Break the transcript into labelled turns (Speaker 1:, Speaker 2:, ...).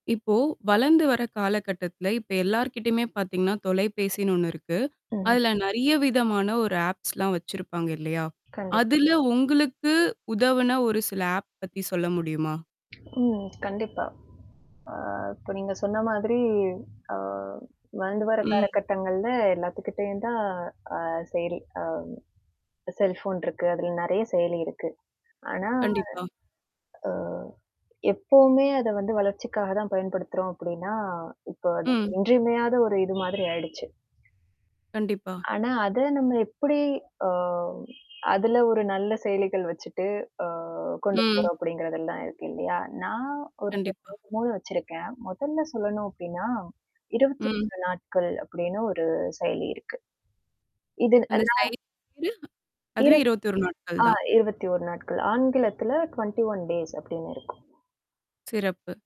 Speaker 1: இப்போ, வளர்ந்து வர்ற காலகட்டத்துல இப்ப எல்லார்கிட்டயுமே பாத்தீங்கன்னா, தொலைபேசின்னு ஒண்ணு இருக்கு.
Speaker 2: ஓ.
Speaker 1: அதுல நெறைய விதமான ஒரு ஆப்ஸ்லாம் வச்சிருப்பாங்க. இல்லையா?
Speaker 2: கண்டிப்
Speaker 1: அதுல உங்களுக்கு உதவுன ஒரு சில ஆப் பத்தி சொல்ல முடியுமா?
Speaker 2: ஓ. கண்டிப்பா. அ இப்ப, நீங்க சொன்ன மாதிரி அ வளந்து வர்ற
Speaker 1: ம்.
Speaker 2: காலகட்டங்கள்ல எல்லாத்துக்கிட்டயும் தான் அ செயலி, அ செல்ஃபோன் இருக்கு. அதுல நெறைய செயலி இருக்கு. ஆனா,
Speaker 1: கண்டிப்பா.
Speaker 2: ஆ. எப்பவுமே அத வந்து வளர்ச்சிக்காக தான் பயன்படுத்துறோம் அப்படின்னா, இப்ப அது
Speaker 1: ம்.
Speaker 2: இன்றியமையாத ஒரு இது மாதிரி ஆயிடுச்சு.
Speaker 1: கண்டிப்பா.
Speaker 2: ஆனா, அத நம்ம எப்படி, ஆ அதுல ஒரு நல்ல செயலிகள் வச்சுட்டு அ கொண்டு
Speaker 1: ம்.
Speaker 2: போறோம் அப்படிங்கிறதெல்லாம் இருக்கு, இல்லையா? நான் ஒரு
Speaker 1: கண்டிப்பா.
Speaker 2: [unintelligible] வச்சிருக்கேன். மொதல்ல சொல்லணும் அப்டின்னா, இருவத்தி
Speaker 1: ம்.
Speaker 2: ஒரு நாட்கள் அப்படின்னு ஒரு செயலி இருக்கு. இது
Speaker 1: அந்த
Speaker 2: [unintelligible]
Speaker 1: சையலி பேரு?
Speaker 2: இரு
Speaker 1: அதுவே, 21 நாட்கள்
Speaker 2: ஆ
Speaker 1: தான்.
Speaker 2: 21 நாட்கள் ஆங்கிலத்துல 21 டேஸ் அப்டின்னு இருக்கும்.
Speaker 1: சிறப்பு.